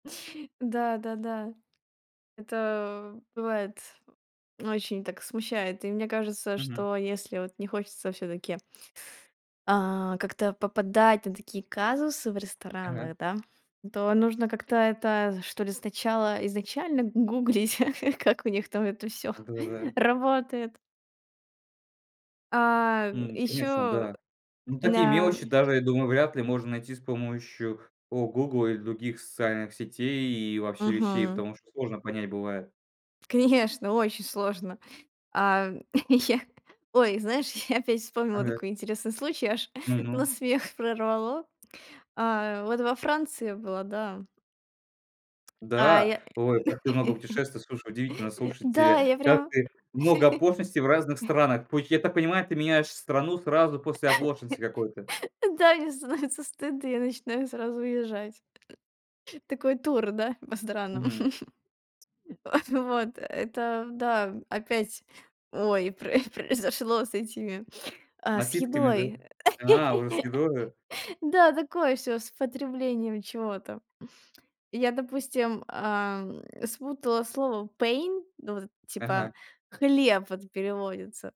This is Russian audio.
Да-да-да. Это, э, бывает, очень так смущает. И мне кажется, Мгм. что если вот не хочется всё-таки а как-то попадать на такие казусы в Ага. ресторанах, да, то нужно как-то это, что ли, сначала изначально г гуглить, как у них там это всё Да-да-да. работает. А, м, М, конечно, ещё, да. М, э, такие м-да. мелочи даже, я думаю, вряд ли можно найти с помощью, о, Гугл или других социальных сетей и вообще вещей, Мгм. потому что сложно понять бывает. Конечно, очень сложно. А, я Ой, знаешь, я опять вспомнила Ага. такой интересный случай, аж на Ну-ну. смех прорвало. А вот во Франции я была, да. А Да, я ой, как ты много путешествовала! Слушай, удивительно! Да, Слушайте, я как прям так много оплошности в разных странах? То есть, я так понимаю, ты меняешь страну сразу после оплошности какой-то. Да, мне становится стыдно, я начинаю сразу уезжать. Такой тур, да, по странам. Мгм. Вот-вот это да. М, опять, ой, прои произошло с этими, а, с Напитками, да? едой, э. А, уже с едой, а? Да, такое всё с потреблением чего-то. Я, допустим, ам, спутала слово pain, ну, вот это, типа, Ага. хлеб, вот, переводится.